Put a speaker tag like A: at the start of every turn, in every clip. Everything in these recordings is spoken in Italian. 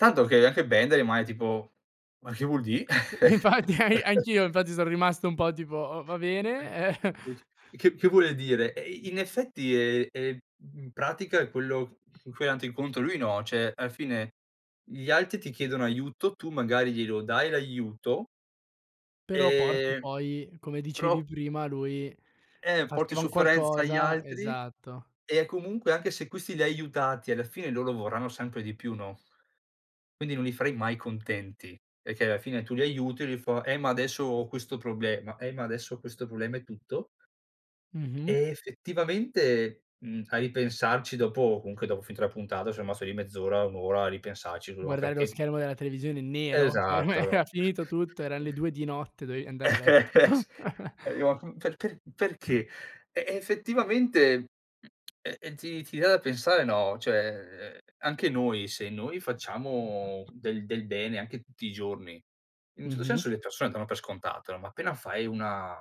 A: Tanto che anche vendere magari, tipo, ma che vuol dì?
B: Infatti an anch'io infatti son rimasto un po' tipo: "Va bene." Eh.
A: Sì s che che vuole dire? E eh, i in effetti è è in pratica è quello c con cui è andato incontro lui, no, cioè, alla fine gli altri ti chiedono aiuto, tu magari glielo dai l'aiuto
B: Però porti
A: Ehm,
B: poi come
A: però
B: dicevi prima, lui
A: Eh, porti
B: faceva un
A: sofferenza agli
B: qualcosa,
A: altri
B: esatto.
A: e comunque anche se questi li hai aiutati alla fine loro vorranno sempre di più, no? Quindi non li farai mai contenti, perché alla fine tu li aiuti, e lui fa: "Eh, ma adesso ho questo problema, eh, ma adesso questo problema" e tutto
B: Mh-mh.
A: e, effettivamente, mhmm, a ripensarci dopo comunque dopo finito la puntata son rimasto lì mezz'ora, un'ora a ripensarci, lu ma
B: Guardare lo
A: perché
B: schermo della televisione nero, che per
A: Esatto,
B: me
A: no.
B: era finito tutto, eran le 2 di notte, dovevi andare a letto.
A: Eh s [unintelligible] pe per perché? Eh, effettivamente, mhmm, e ehm ti ti dà da pensare no, cioè anche noi se noi facciamo del del bene anche tutti i giorni, in un certo
B: Mh-mh.
A: senso le persone danno per scontato, no, ma appena fai una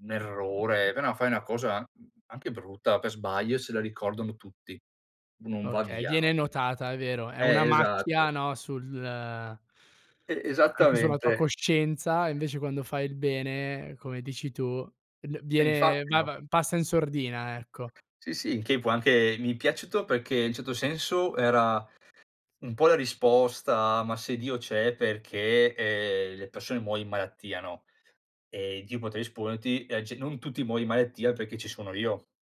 A: un errore, appena fai una cosa, mhmm, anche brutta, per sbaglio se la ricordano tutti. Non va
B: Okay,
A: via,
B: viene
A: no?
B: notata, è vero, è una
A: Eh, esatto.
B: macchia, no, sul
A: E
B: a anche sulla tua
A: esattamente.
B: coscienza, e invece quando fai il bene, come dici tu, n
A: E
B: viene
A: infatti,
B: va
A: no.
B: va passa in sordina, ecco.
A: Sì, sì, in che può anche mi è piaciuto perché in un certo senso era un po' la risposta: "Ma se Dio c'è perché, ehm, le persone muoiono in malattia", no, e Dio poteva risponderti: "e c non tutti muoion di malattia perché ci sono io".